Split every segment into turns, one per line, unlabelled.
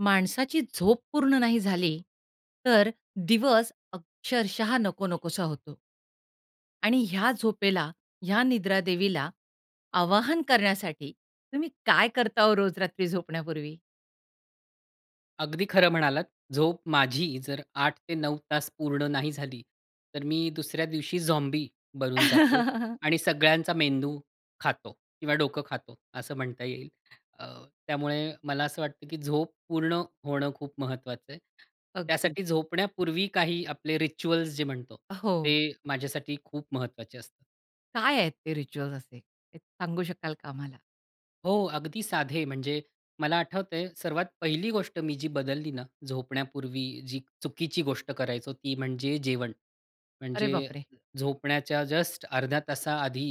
माणसाची झोप पूर्ण नाही झाली, तर दिवस अक्षरशः नको नकोसा होतो. आणि ह्या झोपेला, ह्या निद्रा देवीला, आवाहन करण्यासाठी तुम्ही काय करता हो रोज रात्री झोपण्यापूर्वी?
अगदी खरं म्हणालात. झोप माझी जर 8 ते 9 तास पूर्ण नाही झाली, तर मी दुसऱ्या दिवशी झॉम्बी बनून जातो आणि सगळ्यांचा मेंदू खातो किंवा डोकं खातो असं म्हणता येईल. अ, त्यामुळे मला असं वाटतं, की झोप पूर्ण होणं खूप महत्वाचं आहे.
अगदी.
त्यासाठी झोपण्यापूर्वी काही आपले रिच्युअल्स जे म्हणतो,
हो.
ते माझ्यासाठी खूप महत्वाचे असतात.
काय आहेत ते रिच्युअल्स असे? हे सांगू शकाल का आम्हाला?
हो, अगदी साधे, म्हणजे मला आठवतंय सर्वात पहिली गोष्ट मी जी बदलली ना, झोपण्यापूर्वी जी चुकीची गोष्ट करायचो, ती म्हणजे जेवण.
अरे
म्हणजे
बापरे!
झोपण्याच्या जस्ट अर्ध्या तासा आधी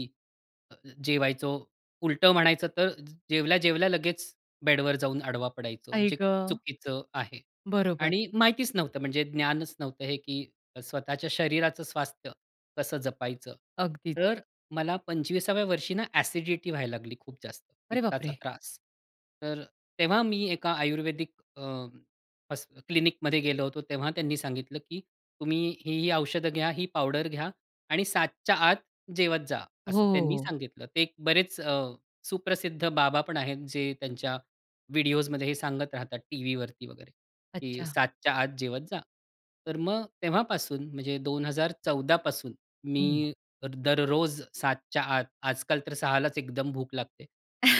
अ, जेवायचो, उलटं म्हणायचं तर ज जेवल्या-जेवल्या लगेच बेडवर जाऊन आडवा पडायचो,
आई
जे खूप
ग!
चुकीचं आहे
बरोबर.
आणि माहितीच नव्हतं म्हणजे ज्ञानच नव्हतं हे, की स्वतःच्या शरीराचं स्वास्थ्य कसं जपायचं.
अगदीच.
तर मला 25व्या वर्षी ना अ‍ॅसिडिटी व्हायला लागली खूप जास्त,
अरे
पित्ताचा
बापरे!
त्रास. तर तेव्हा मी एका आयुर्वेदिक अ, हॉ क्लिनिकमध्ये गेलो होतो, तेव्हा त्यांनी सांगितलं, की "तुम्ही ही-ही औषधं घ्या, ही पावडर घ्या आणि 7:00च्या आत जेवत जा."
हो,
असं
हो,
त्यांनी
हो.
सांगितलं. ते बरेच अ, सुप्रसिद्ध बाबा पण आहेत, जे त्यांच्या व्हिडिओसमध्ये हे सांगत राहतात टीव्हीवरती वगैरे, की
अच्छा.
7:00च्या आत जेवत जा. तर मग तेव्हापासून म्हणजे 2014 पासून
हं.
मी दररोज 7:00च्या आत, आजकाल तर 6:00लाच एकदम भूक लागते,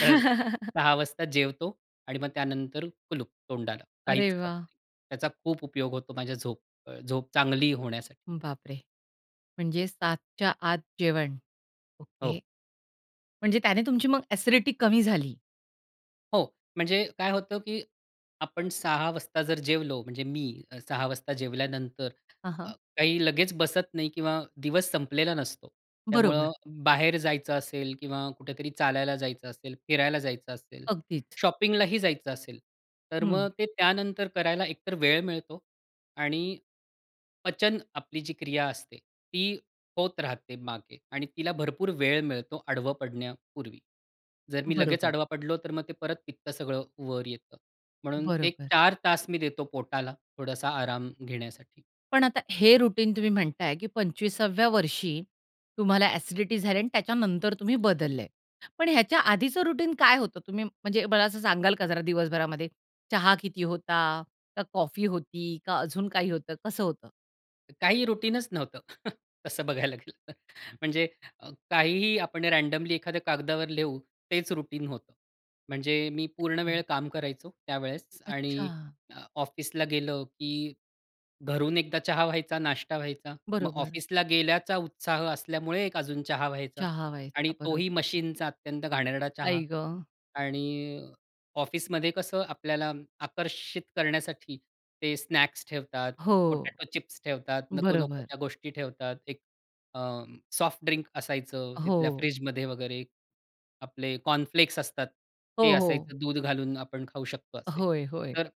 तर 6:00 वाजता जेवतो आणि मग त्यानंतर कुलूप तोंडाला.
अरे
काहीच खात
वाह!
नाही. त्याचा खूप उपयोग होतो माझ्या झोप अ, झोप चांगली होण्यासाठी.
बापरे! म्हणजे 7:00च्या आत जेवण, ओके.
हो.
म्हणजे त्याने तुमची मग अ‍ॅसिडिटी कमी झाली.
हो, म्हणजे काय होतं, की आपण 06:00 वाजता जर जेवलो म्हणजे मी 06:00 वाजता जेवल्यानंतर
हां,
अ,
हां.
काही लगेच बसत नाही किंवा दिवस संपलेला नसतो. त्यामुळं
बरोबर.
बाहेर जायचं असेल किंवा कुठेतरी चालायला जायचं असेल, फिरायला जायचं असेल,
अगदीच.
शॉपिंगलाही जायचं असेल. तर
हं.
मग ते त्यानंतर करायला एकतर वेळ मिळतो आणि पचन आपली जी क्रिया असते ती होत राहते मागे आणि तिला भरपूर वेळ मिळतो आडवं पडण्यापूर्वी. जर मी लगेच
बरोबर.
आडवा पडलो तर मग ते परत पित्तं सगळं वर येतं. म्हणून ते
बरोबर.
4 तास मी देतो पोटाला थोडासा आराम घेण्यासाठी.
पण आता हे रुटीन तुम्ही म्हणताय की 25 व्या वर्षी तुम्हाला अ‍ॅसिडिटी झाल्या आणि त्याच्यानंतर तुम्ही बदलले. पण ह्याच्या आधीचं रुटीन काय होतं तुम्ही म्हणजे मला असं सांगाल का जरा दिवसभरामध्ये चहा किती होता का कॉफी होती का अजून काही होतं कसं होतं?
काही रुटीनच नव्हतं तसं बघायला गेलं तर. म्हणजे काहीही आपण रँडमली एखाद्या कागदावर लिहु तेच रुटीन होतं. म्हणजे मी पूर्ण वेळ
हं.
काम करायचो त्यावेळेस आणि
अच्छा.
ऑफिसला गेलं, की घरून एकदा चहा व्हायचा, नाष्टा व्हायचा. मग
बरोबर.
ऑफिसला गेल्याचा उत्साह असल्यामुळे एक अजून चहा व्हायचा
चहा व्हायचा?
आणि तोही
बरोबर.
मशीनचा अत्यंत घाणेरडा चहा
आई ग!
आणि ऑफिसमध्ये कसं आपल्याला आकर्षित करण्यासाठी ते स्नॅक्स ठेवतात,
हो,
पोटाटो चिप्स ठेवतात. नको नको
बरोबर.
त्या गोष्टी ठेवतात. एक अ, सॉफ्ट ड्रिंक असायचं तिथल्या
हो.
फ्रिजमध्ये वगैरे आपले कॉर्नफ्लेक्स असतात.
हो,
ते
हो.
असायचं दूध घालून आपण खाऊ शकतो असे.
होय, होय.
तर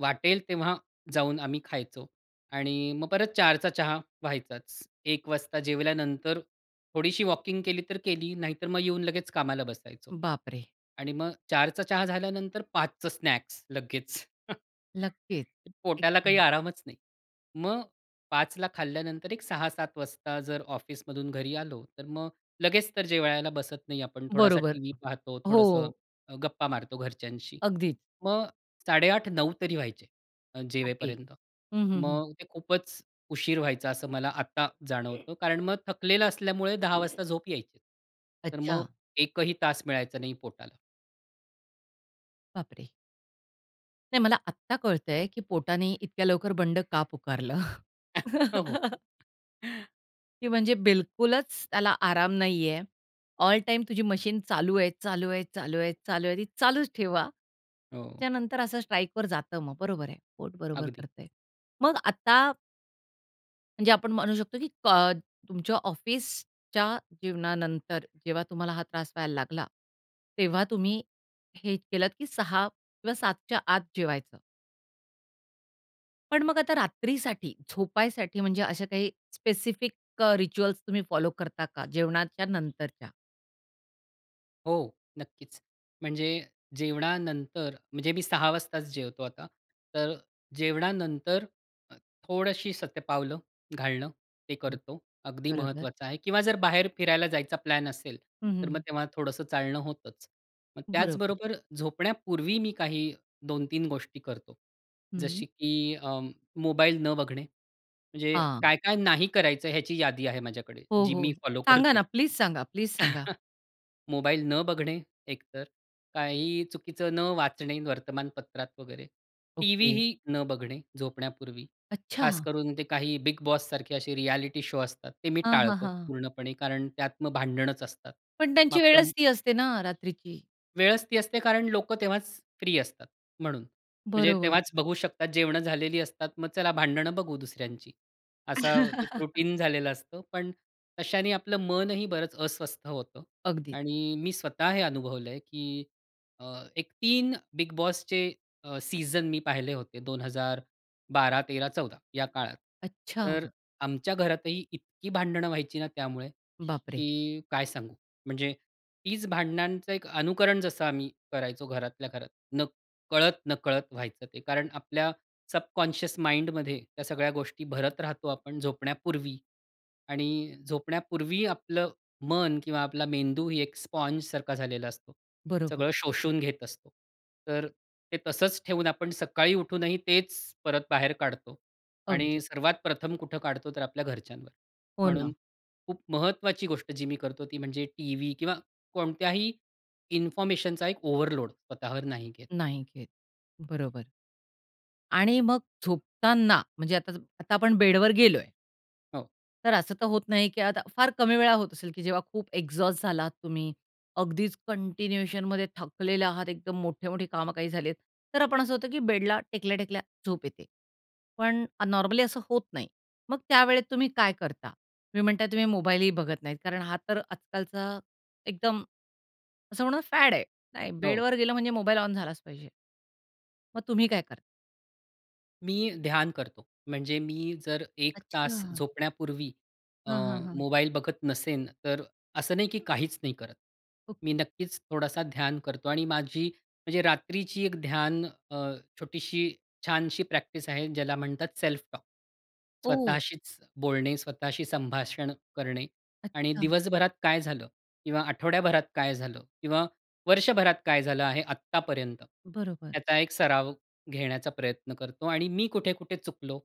वाटेल तेव्हा जाऊन आम्ही खायचो आणि मग परत 04:00 चा चहा व्हायचाच. 01:00 वाजता जेवल्यानंतर थोडीशी वॉकिंग केली तर केली नाहीतर मग येऊन लगेच कामाला बसायचो
बापरे!
आणि मग 04:00 चा चहा झाल्यानंतर 05:00 चं स्नॅक्स लगेच.
नक्कीच,
पोटाला काही
एकदम.
आरामच नाही. मग 5:00 ला खाल्ल्यानंतर एक 6:00-7:00 वाजता जर ऑफिसमधून घरी आलो, तर मग लगेच तर जेवायला बसत नाही आपण. थोडासा
बरोबर.
टीव्ही पाहतो थोडंसं
हो.
अ, गप्पा मारतो घरच्यांशी.
अगदी.
मग 8:30-9:00 तरी व्हायचे अ,
ओके.
जेवेपर्यंत.
हं, हं, हं.
मग ते खूपच उशीर व्हायचा असं मला आता जाणवतं. कारण मग थकलेलं असल्यामुळे 10:00 वाजता झोप यायची. तर मग
अच्छा.
1 ही तास मिळायचा नाही पोटाला.
बापरे! नाही, मला आत्ता कळतंय, की पोटाने इतक्या लवकर बंड का पुकारलं.
हो.
की म्हणजे बिलकुलच त्याला आराम नाहीये. ऑल टाईम तुझी मशीन चालू आहे, चालू आहे, चालू आहे, चालू आहे. ती चालूच ठेवा.
हो.
त्यानंतर असं स्ट्राईकवर जातं मग बरोबर आहे पोट बरोबर
अगदी.
करतय. मग आता म्हणजे आपण म्हणू शकतो, की क तुमच्या ऑफिसच्या जीवनानंतर जेव्हा तुम्हाला हा त्रास व्हायला लागला तेव्हा तुम्ही हे केलंत, की 6:00 किंवा 7:00च्या आत जेवायचं. पण मग आता रात्रीसाठी झोपायसाठी म्हणजे अशा काही स्पेसिफिक अ, रिच्युअल्स तुम्ही फॉलो करता का? जेवणाच्या नंतरच्या?
हो, नक्कीच. म्हणजे जेवणानंतर म्हणजे मी 6:00 वाजताच जेवतो आता, तर जेवणानंतर अ, थोडशी शतपावलं घालणं ते
हं,
करतो. अगदी
बरोबर.
महत्वाचं आहे किंवा जर बाहेर फिरायला जायचा प्लॅन असेल,
हं, हं,
तर मग
हं.
तेव्हा थोडंसं चालणं होतच. मग
बरोबर.
त्याचबरोबर झोपण्यापूर्वी मी काही 2-3 गोष्टी करतो, जशी
हं.
की अं, मोबाईल न बघणे. म्हणजे
हां.
काय-काय नाही करायचं ह्याची यादी आहे माझ्याकडे
हो,
जी
हो.
मी फॉलो
सांगा
करतो.
ना. प्लीज सांगा, प्लीज सांगा.
मोबाईल न बघणे एकतर. काहीही चुकीचं न वाचणे वर्तमानपत्रात वगैरे.
ओके.
टीव्हीही न बघणे झोपण्यापूर्वी, खास
अच्छा!
करून ते काही बिग बॉस सारखे असे रिएलिटी शो असतात ते मी
हां, हां,
टाळतो
हां.
पूर्णपणे कारण त्यात मग भांडणच असतात.
पण
मग
त्यांची
आपलं
वेळच ती असते ना रात्रीची.
वेळच ती असते कारण लोक तेव्हाच फ्री असतात म्हणून. म्हणजे
बरोबर.
तेव्हाच बघू शकतात जेवणं झालेली असतात. मग चला भांडणं बघू दुसऱ्यांची. असा एक रूटीन झालेलं असतं, पण तशाने आपलं मनही बरंच अस्वस्थ होतं
अगदी.
आणि मी स्वतः हे अनुभवलंय, की अ, एक 3 बिग बॉसचे अ, सीझन मी पाहिले होते 2012-2013-2014 या काळात. तर
अच्छा.
आमच्या घरातही इतकी भांडणं व्हायची ना त्यामुळे,
बापरे!
की काय सांगू! म्हणजे तीच भांडणांचं एक अनुकरण जसं आम्ही करायचो घरातल्या घरात न कळत-नकळत व्हायचं ते. कारण आपल्या सबकॉन्शियस माइंडमध्ये त्या सगळ्या गोष्टी भरत राहतो आपण झोपण्यापूर्वी आणि झोपण्यापूर्वी आपलं मन किंवा आपला मेंदू ही एक स्पॉन्जसारखा झालेला असतो.
बरोबर.
सगळं शोषून घेत असतो. तर ते तसंच ठेवून आपण सकाळी उठूनही तेच परत बाहेर काढतो
अगदी.
आणि सर्वात प्रथम कुठं काढतो, तर आपल्या घरच्यांवर.
हो ना.
म्हणून खूप महत्वाची गोष्ट जी मी करतो ती म्हणजे टीव्ही किंवा कोणत्याही इन्फॉर्मेशनचा एक ओव्हरलोड स्वतःवर नाही घेत.
नाही घेत, बरोबर. आणि मग झोपताना म्हणजे आता सम आता आपण बेडवर गेलो आहे.
हो.
तर असं तर होत नाही, की आता फार कमी वेळा होत असेल, की जेव्हा खूप एक्झॉस्ट झाला आहात तुम्ही, अगदीच कंटिन्यूएशनमध्ये थकलेले आहात, एकदम मोठे-मोठे कामं काही झालेत, तर आपण असं होतं की बेडला टेकल्या-टेकल्या झोप येते. पण अ नॉर्मली असं होत नाही. मग त्यावेळेत तुम्ही काय करता? तुम्ही म्हणता तुम्ही मोबाईलही बघत नाहीत कारण हा तर आजकालचा एकदम असं म्हणू ना फॅड आहे नाही.
हो.
बेडवर गेलं म्हणजे मोबाईल ऑन झालाच पाहिजे. मग तुम्ही काय करता?
मी ध्यान करतो. म्हणजे मी जर 1 तास
अच्छा.
झोपण्यापूर्वी अ,
हां, हां, हां.
मोबाईल बघत नसेन, तर असं नाही, की काहीच नाही करत. मी
ओके.
नक्कीच थोडासा ध्यान करतो आणि माझी म्हणजे रात्रीची एक ध्यान अ, छोटीशी, छानशी प्रॅक्टिस आहे ज्याला म्हणतात सेल्फ टॉक.
ओह!
स्वतःशीच बोलणे, स्वतःशी संभाषण करणे आणि
अच्छा.
दिवसभरात काय झालं किंवा आठवड्याभरात काय झालं किंवा वर्षभरात काय झालं आहे, आत्तापर्यंत,
बरोबर.
याचा एक सराव घेण्याचा प्रयत्न करतो आणि मी कुठे-कुठे चुकलो.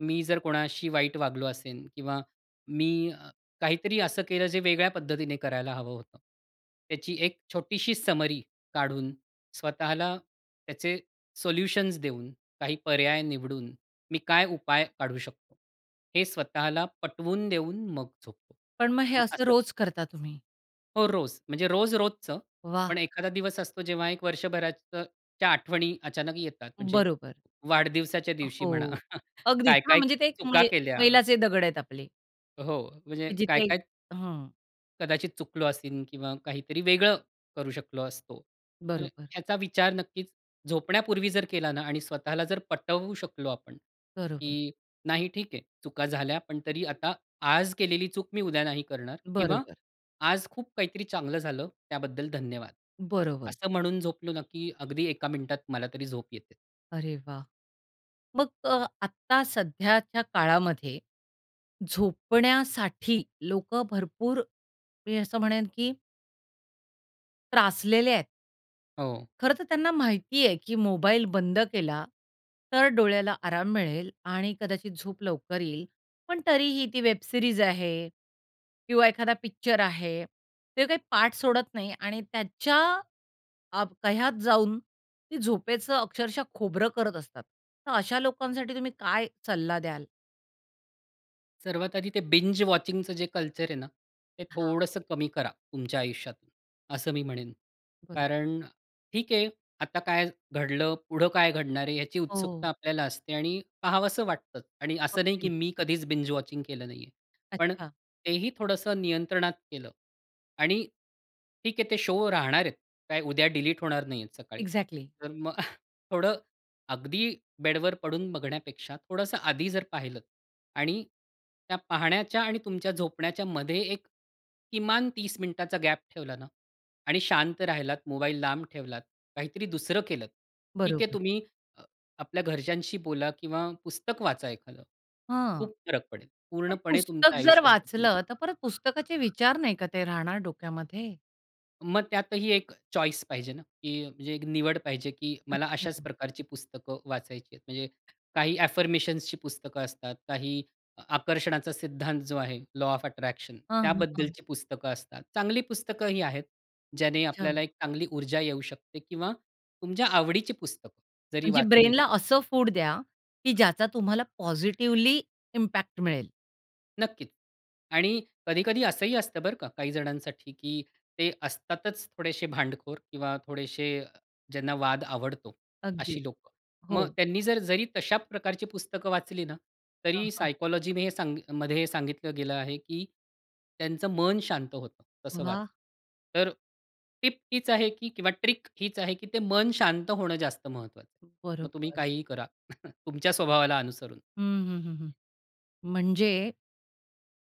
मी जर कोणाशी वाईट वागलो असेन किंवा मी अ, काहीतरी असं केलं जे वेगळ्या पद्धतीने करायला हवं होतं, त्याची एक छोटीशी समरी काढून, स्वतःला त्याचे सोल्युशन्स देऊन, काही पर्याय निवडून, मी काय उपाय काढू शकतो, हे स्वतःला पटवून देऊन मग झोपतो.
पण मग हे
मग
असं
असं
रोज करता तुम्ही?
हो, रोज. म्हणजे रोज-रोजचं,
वाह!
पण एखादा दिवस असतो, जेव्हा 1 वर्षभराच्या त्या आठवणी अचानक येतात. म्हणजे
बरोबर.
वाढदिवसाच्या दिवशी म्हणा.
हो, अगदीच
काय,
हां,
काय
म्हणजे ते
चुका
मै
केल्या.
मैलाचे दगड आहेत आपले.
हो, म्हणजे
की
काय
जिथे
काय
हां.
कदाचित चुकलो असेन किंवा काहीतरी वेगळं करू शकलो असतो. तर
बरोबर.
ह्याचा विचार नक्कीच झोपण्यापूर्वी जर केला ना आणि स्वतःला जर पटवू शकलो आपण,
बरोबर.
की नाही, ठीक आहे. चुका झाल्या पण तरी आता आज केलेली चूक मी उद्या नाही करणार किंवा
बरोबर.
आज खूप काहीतरी चांगलं झालं, त्याबद्दल धन्यवाद.
बरोबर.
असं म्हणून झोपलो ना की अगदी 1 मिनिटात मला तरी झोप येते.
अरे वाह! मग अ, आत्ता सध्याच्या काळामध्ये झोपण्यासाठी लोकं भरपूर, मी असं म्हणेन, की त्रासलेले आहेत.
हो.
खरं तर त्यांना माहिती आहे, की मोबाईल बंद केला तर डोळ्याला आराम मिळेल आणि कदाचित झोप लवकर येईल. पण तरीही ती वेब सीरीज आहे किंवा एखादा पिक्चर आहे. ते काही पाठ सोडत नाही आणि त्याच्या अ, कह्यात जाऊन ती झोपेचं अक्षरशः खोबरं करत असतात. तर अशा लोकांसाठी तुम्ही काय सल्ला द्याल?
सर्वात आधी ते बिंज वॉचिंगचं जे कल्चर आहे ना, ते
हां.
थोडंसं कमी करा तुमच्या आयुष्यात. असं मी म्हणेन.
बरोबर.
कारण ठीक आहे आता काय घडलं, पुढं काय घडणार आहे याची
हो.
उत्सुकता आपल्याला असते आणि पाहावंसं वाटतं. आणि असं नाही की
अगदी.
मी कधीच बिंज वॉचिंग केलं नाहीये. पण
अच्छा.
तेही थोडंसं नियंत्रणात केलं आणि ठीक आहे ते शो राहणार आहेत. काय उद्या डिलीट होणार नाहीयेत सकाळी.
एक्झॅक्टली.
तर मग थोडं अगदी बेडवर पडून बघण्यापेक्षा, थोडंसं आधी जर पाहिलं आणि त्या पाहण्याच्या आणि तुमच्या झोपण्याच्यामध्ये एक किमान 30 मिनिटाचा गॅप ठेवला ना आणि शांत राहिलात, मोबाईल लांब ठेवलात, काहीतरी दुसरं केलत. ठीक आहे
बरोबर.
तुम्ही अ, आपल्या घरच्यांशी बोला किंवा पुस्तक वाचा एखादं.
हं.
खूप फरक पडेल.
पण
पूर्णपणे
पुस्तक
तुमचं
जर
आयुष्यच बदलून
वाचलं,
जाईल.
तर परत पुस्तकाचे विचार नाही का ते राहणार डोक्यामध्ये?
मग त्यातही 1 चॉईस पाहिजे ना, की म्हणजे एक निवड पाहिजे की मला अशाच
अच्छा.
प्रकारची पुस्तकं वाचायची आहेत. म्हणजे काही अ, अफर्मेशन्सची पुस्तकं असतात. काही आकर्षणाचा सिद्धांत जो आहे लॉ ऑफ अट्रॅक्शन
हां, हां. हां.
त्याबद्दलची पुस्तकं असतात. चांगली पुस्तकंही आहेत, ज्याने
अच्छा.
आपल्याला एक चांगली ऊर्जा येऊ शकते किंवा तुमच्या आवडीची पुस्तकं जरी
म्हणजे
वाचली ना
ब्रेनला असं फूड द्या की ज्याचा तुम्हाला पॉझिटिव्हली इम्पॅक्ट मिळेल.
नक्कीच. आणि कधी-कधी असंही असतं बरं का, काही जणांसाठी की ते असतातच थोडेशे भांडखोर किंवा थोडेशे ज्यांना वाद आवडतो
अगदीच.
अशी लोकं. मग
हो.
त्यांनी जर जरी तशा प्रकारची पुस्तकं वाचली ना
हां,
तरी
हां.
सायकॉलॉजीने सांग मध्ये सांगितलं गेलं आहे, की त्यांचं मन शांत होतं तसं
वाह!
वाचून. तर टिप हीच आहे की किंवा ट्रिक हीच आहे, की ते मन शांत होणं जास्त महत्वाचं आहे. मग तुम्ही
बरोबर.
काहीही करा. तुमच्या स्वभावाला अनुसरून.
हं, हं, हं, हं. म्हणजे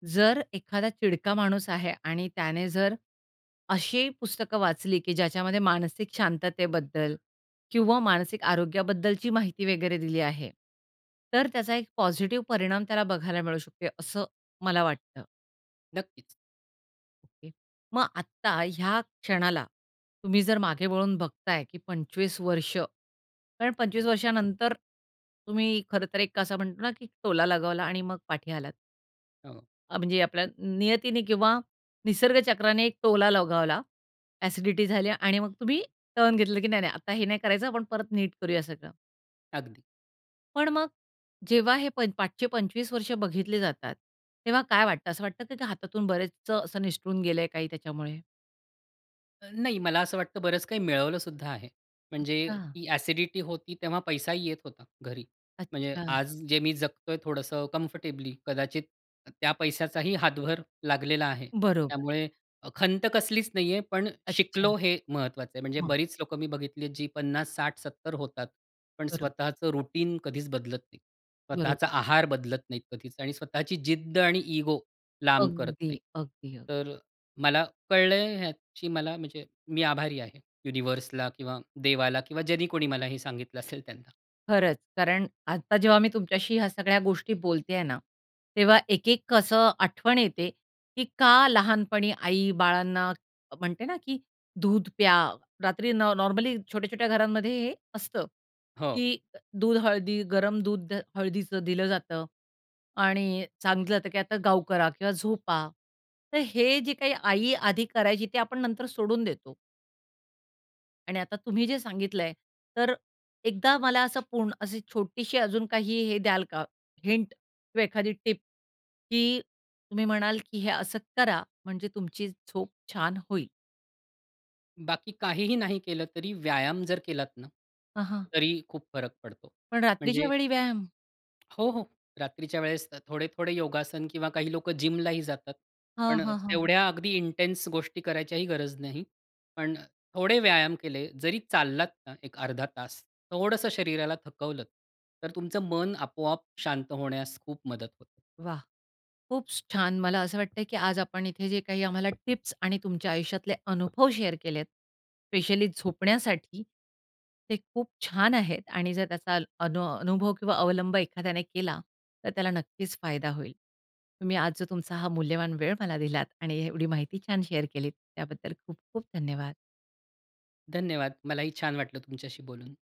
जर एखादा चिडका माणूस आहे आणि त्याने जर अशी पुस्तकं वाचली, की ज्याच्यामध्ये मानसिक शांततेबद्दल किंवा मानसिक आरोग्याबद्दलची माहिती वगैरे दिली आहे तर त्याचा एक पॉझिटिव्ह परिणाम त्याला बघायला मिळू शकतो, असं मला वाटतं.
नक्कीच.
ओके. मग आता ह्या क्षणाला तुम्ही जर मागे वळून बघताय, की 25 वर्ष, कारण 25 वर्षानंतर तुम्ही खरंतर एक असा म्हणतो ना की टोला लगावला आणि मग पाठी आलात.
हो.
अ, म्हणजे आपल्या नियतीने किंवा निसर्ग चक्राने एक टोला लगावला. ॲसिडिटी झाली आणि मग तुम्ही टर्न घेतलं की नाही नाही, आता हे नाही करायचं आपण परत नीट करूया सगळं.
अगदी.
पण मग जेव्हा हे मागचे प- 25 वर्ष बघितले जातात, तेव्हा काय वाटतं? असं वाटतं की हातातून बरेचच असं निसटून गेलंय काही त्याच्यामुळे?
अ, नाही मला असं वाटतं बरंच काही मिळवलं सुद्धा आहे. म्हणजे
अच्छा.
ती ॲसिडिटी होती, तेव्हा पैसाही येत होता घरी. म्हणजे
अच्छा.
आज जे मी जगतोय थोडंसं कम्फर्टेबली, कदाचित त त्या पैशाचाही हातभार लागलेला आहे.
बरोबर.
त्यामुळे अ, खंत कसलीच नाहीये. पण
अच्छा.
शिकलो हे महत्वाचं आहे. म्हणजे
हां.
बरीच लोक मी बघितली आहेत जी 50, 60, 70 होतात, पण
बरं.
स्वतःचं रुटीन कधीच बदलत नाही. स्वतःचा
बरोबर.
आहार बदलत नाहीत कधीच आणि स्वतःची जिद्द आणि इगो लांब करत
अगदी,
नाहीत.
अगदी, अगदी.
तर अ, मला कळलंय ह्याची मला म्हणजे मी आभारी आहे. युनिव्हर्सला किंवा देवाला किंवा ज्यानी कोणी मला हे सांगितलं असेल त्यांना.
खरंच कारण आत्ता जेव्हा मी तुमच्याशी ह्या सगळ्या गोष्टी बोलते आहे ना, तेव्हा एक-एक कसं आठवण येते की का लहानपणी आई बाळांना अ म्हणते ना की दूध प्या. रात्री न नॉर्मली छोट्या-छोट्या घरांमध्ये हे असतं
हो.
की दूध हळदी गरम दूध हळदीचं दिलं जातं आणि सांगितल जातं की आता गाउ करा किंवा झोपा. तर हे जे काही आई आधी करायची ते आपण नंतर सोडून देतो. आणि आता तुम्ही जे सांगितलंय, तर एकदा मला असं पूर्ण अशी छोटीशी, अजून काही हे द्याल का हिंट किंवा एखादी टिप की तुम्ही म्हणाल की "हे असं करा, म्हणजे तुमची झोप छान होईल?"
बाकी काहीही नाही केलं तरी व्यायाम जर केलात ना
हां, हां.
तरी खूप फरक पडतो.
पण रात्रीच्या
म्हणजे
वेळी व्यायाम?
हो, हो. रात्रीच्या वेळेस अ, थोडे-थोडे योगासन किंवा काही लोकं जिमलाही जातात.
हां,
पण
हां, हां.
तेवढ्या अगदी इंटेन्स गोष्टी करायचीही गरज नाही. पण अ, थोडे व्यायाम केले, जरी चाललात ना, एक अर्धा तास, थोडंसं शरीराला थकवलंत, तर तुमचं मन आपोआप शांत होण्यास खूप मदत होते.
वाह! खूपच छान. मला असं वाटतंय की आज आपण इथे जे काही आम्हाला टिप्स आणि तुमच्या आयुष्यातले अनुभव शेअर केलेत, स्पेशली झोपण्यासाठी, ते खूप छान आहेत आणि जर त्याचा अनो अनुभव किंवा अवलंब एखाद्याने केला, तर त्याला नक्कीच फायदा होईल. तुम्ही आज जो तुमचा हा मूल्यवान वेळ मला दिलात आणि एवढी माहिती छान शेअर केली, त्याबद्दल खूप-खूप धन्यवाद.
धन्यवाद. मलाही छान वाटलं तुमच्याशी बोलून.